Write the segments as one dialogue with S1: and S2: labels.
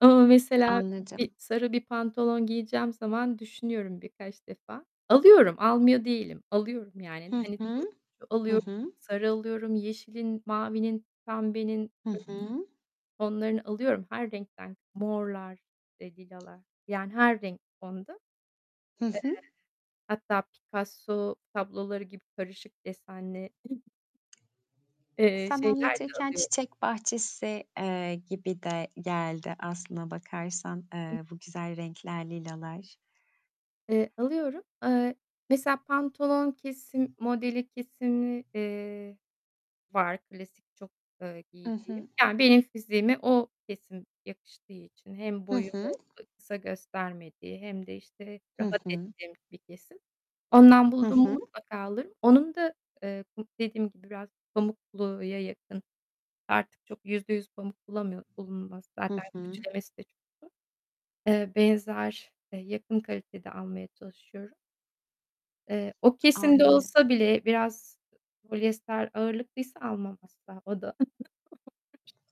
S1: Ama mesela, bir,
S2: Anladım.
S1: sarı bir pantolon giyeceğim zaman düşünüyorum birkaç defa. Alıyorum, almıyor değilim. Alıyorum, yani.
S2: Hı
S1: Hani
S2: hı.
S1: turuncu
S2: Hı
S1: alıyorum,
S2: hı.
S1: sarı alıyorum, yeşilin, mavinin, pembenin,
S2: Hı
S1: kırmızının
S2: hı.
S1: tonlarını alıyorum. Her renkten morlar, eee, lilalar. Yani her renk, tonda. Eee,
S2: Hı hı.
S1: hatta Picasso tabloları gibi karışık desenli eee,
S2: Sen
S1: şeyler de
S2: anlatırken
S1: alıyorum
S2: çiçek bahçesi, eee, gibi de geldi aslına bakarsan, eee, bu güzel renkler, lilalar.
S1: Eee, alıyorum. Eee, mesela pantolon kesim modeli, kesimi, eee, var klasik çok, ııı,
S2: Hı
S1: giydiğim.
S2: hı.
S1: Yani, benim fiziğime o kesim yakıştığı için hem
S2: Hı hı.
S1: boyumu, eee, kısa göstermediği hem de, işte,
S2: Hı
S1: rahat
S2: hı.
S1: ettiğim bir kesim. Ondan
S2: Hı
S1: buldum mu
S2: hı.
S1: mutlaka alırım. Onun da, eee, bu, dediğim gibi, biraz pamukluya yakın, artık çok %100 pamuk bulamıyor bulunmaz.
S2: Hı
S1: Zaten
S2: hı.
S1: ütülemesi de çok zor. Eee, benzer, eee, yakın kalitede almaya çalışıyorum. Eee, o kesimde
S2: Anladım.
S1: olsa bile biraz, ııı, polyester ağırlıklıysa almam asla. O da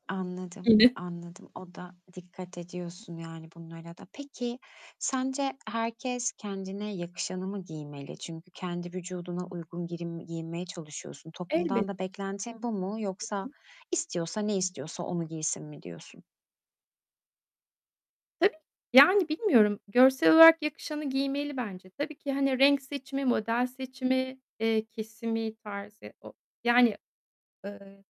S2: Anladım,
S1: [unintelligible]
S2: anladım. O da dikkat ediyorsun, yani, bunlara da. Peki, sence herkes kendine yakışanı mı giymeli? Çünkü kendi vücuduna uygun girin giyinmeye çalışıyorsun. Toplumdan
S1: Elbette.
S2: da beklentin bu mu
S1: Hı
S2: yoksa
S1: hı.
S2: istiyorsa, ne istiyorsa onu giysin mi diyorsun?
S1: Tabii ki. Yani, bilmiyorum görsel olarak yakışanı giymeli bence. Tabii ki, hani, renk seçimi, model seçimi, eee, kesimi, tarzı ya o, yani, ııı